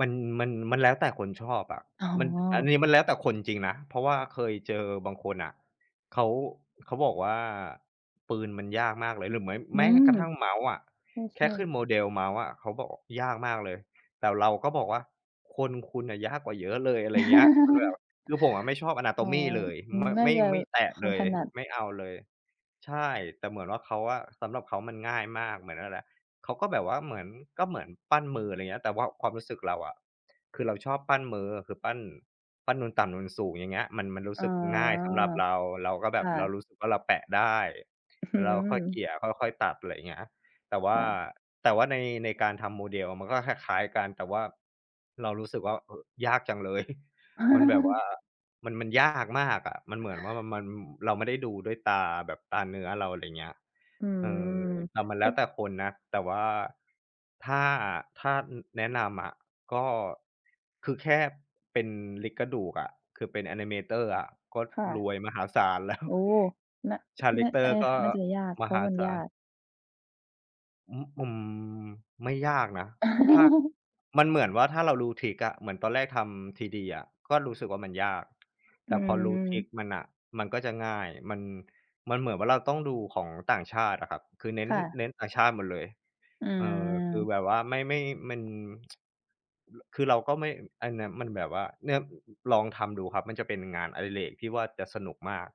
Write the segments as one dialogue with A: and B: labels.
A: มัน มัน มันแล้วแต่คนชอบอะ
B: อ๋
A: มัน อัน
B: อ
A: นี้มันแล้วแต่คนจริงนะ เพราะว่าเคยเจอบางคนน่ะ เขา เขาบอกว่า ปืนมันยากมากเลย หรือเม้ย ม
B: อ
A: แ
B: ื
A: ม้
B: ม
A: กระทั่ง เมาส์อะ
B: ใ
A: แค
B: ช
A: ่
B: ่
A: ขึ้
B: ๆ
A: น model เมาส์อะเขาบอกยากมากเลย แต่เราก็บอกว่า "คน คุณน่ะยากกว่าเยอะเลย" อะไรเงี้ย คือแบบ คือผมอะไม่ชอบอะนาโ
B: อ
A: ต
B: ๋อ
A: มีเลย ม
B: น่า
A: ไม่
B: จะ
A: ไม่แตะ
B: ควา
A: เล
B: ม
A: ย
B: ถนัด
A: ไม่เอาเลย ใช่ แต่เหมือนว่า เขาอะ สำหรับเขามันง่ายมาก เหมือน นั่นแหละ เขาก็แบบว่าเหมือน ก็เหมือนปั้นมือ อะไรเงี้ย แต่ว่าความรู้สึกเราอะ คือเราชอบปั้นมือ คือปั้น ปั้นนูนต่ำ นูนสูง อย่างเงี้ย มัน มันรู
B: อ
A: ้
B: ๋อ
A: สึกง่ายสำหรับเรา เราก็แบ
B: ค
A: บ
B: ่
A: เรา
B: ะ
A: รู้สึกว่าเราแปะได้
B: อื้อ
A: แ
B: ฮ
A: ล้วเรา
B: ื
A: ค่อย
B: อ
A: เกลี่ย ค่อย ๆ ตัด ไรเงี้ย แต่ว
B: ค
A: ่า
B: ่ะ
A: แต่ว่าใน ในการทำ model มันก็คล้าย ๆ กัน แต่ว่าเรารู้สึกว่า เอ่อ ยากจังเลย มันแบบว่า มัน มันยากมากอะ มันเหมือนว่า ม มัน อ เราไม่ได้ดูด้วยตาแบบตาเนื้อเรา อะไรเงี้ย
B: อื
A: เออ แต่
B: ม
A: มันแล้วแต่คนนะ แต่ว่า ถ้า ถ้า อือ แนะนำอะ ก็ คือแค่เป็น Rig กระดูกอะ คือเป็นแอนิเมเตอร์อะก็
B: ค่ะ
A: รวยมหาศาล แล้ว
B: โอ้ น
A: คาแร
B: น
A: ็กเต
B: ใ
A: อ
B: ช่
A: ร์ก
B: ค
A: ็
B: ่ะ น่าจะยาก
A: ม
B: เพรา
A: ห
B: ะว่
A: า
B: ามัน
A: ศ
B: ย
A: า
B: า
A: ล
B: ก
A: อือ อืม ไม่ยากนะ ถ้า มันเหมือนว่าถ้าเรารู้ทริกอะ เหมือนตอนแรกทำ 3D อะก็รู้สึกว่ามันยาก
B: อ
A: แต่พอรู้ทริ
B: ืม
A: กมันน่ะ มันก็จะง่าย มัน มันเหมือนว่าเราต้องดูของต่างชาติอะครับ คือเน้น
B: ค่ะ
A: เน้นต่างชาติหมดเลย
B: อื
A: เออ คือ
B: ม
A: แบบว่าไม่ ไม่ มัน คือเราก็ไม่ อันนั้น มันแบบว่า เนี่ย อ อ ลองทำดูครับ มันจะเป็นงานอิเรกที่ว่าจะสนุกมาก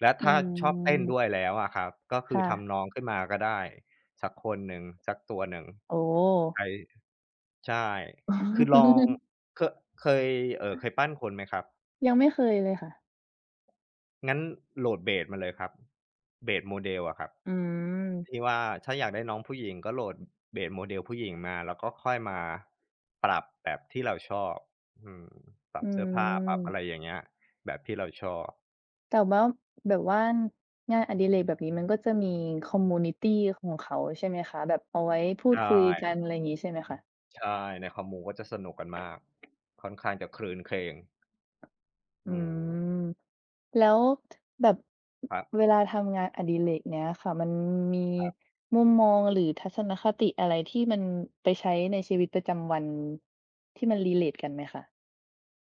A: และ
B: อื
A: ถ้าชอบเต้น
B: ม
A: ด้วยแล้วอะครับ ก็ค
B: ค
A: ื
B: ่
A: อท
B: ะ
A: ำน้องขึ้นมาก็ได้สักคนหนึ่ง สักตัวหนึ่ง
B: โอ้
A: ไอ ใช่
B: อ๋อ
A: คือลอง เคอะ เคย เอ่อ เคยปั้นคนไหมครับ?
B: ยังไม่เคยเลยค่ะ
A: งั้นโหลด เบส มาเลยครับ เบส model อะครับ
B: อื
A: ที่
B: ม
A: ว่าถ้าอยากได้น้องผู้หญิงก็โหลด อ เบส model ผู้หญิงมา แล้วก็ค่อยมาปรับแบบที่เราชอบ อืม ปร
B: อ
A: ั
B: ื
A: บเสื้อผ้า ปรับอ
B: ม
A: ะไรอย่างเงี้ย แบบที่เราชอบ
B: แต่ว่า แบบว่างานอดิเรก แบบนี้มันก็จะมี คอมมิวนิตี ของเขา ใช่ไหมคะ? แบบเอาไว้พู
A: ใช
B: ดคุยกัน
A: ่
B: ไรงี้ ใช่ไหมคะ?
A: ใช่ ในคอมมูก็จะสนุกกันมาก ค่อนข้างจะครื้นเครง
B: อ
A: อ
B: ื
A: ืม
B: ม แล้ว แบบ
A: ครับ
B: เวลาทำงานอดิเรกเนี้ยค่ะ มันมี
A: ครับ
B: มุมมองหรือทัศนคติอะไรที่มันไปใช้ในชีวิตประจำวัน ที่มัน relate กันไหมคะ?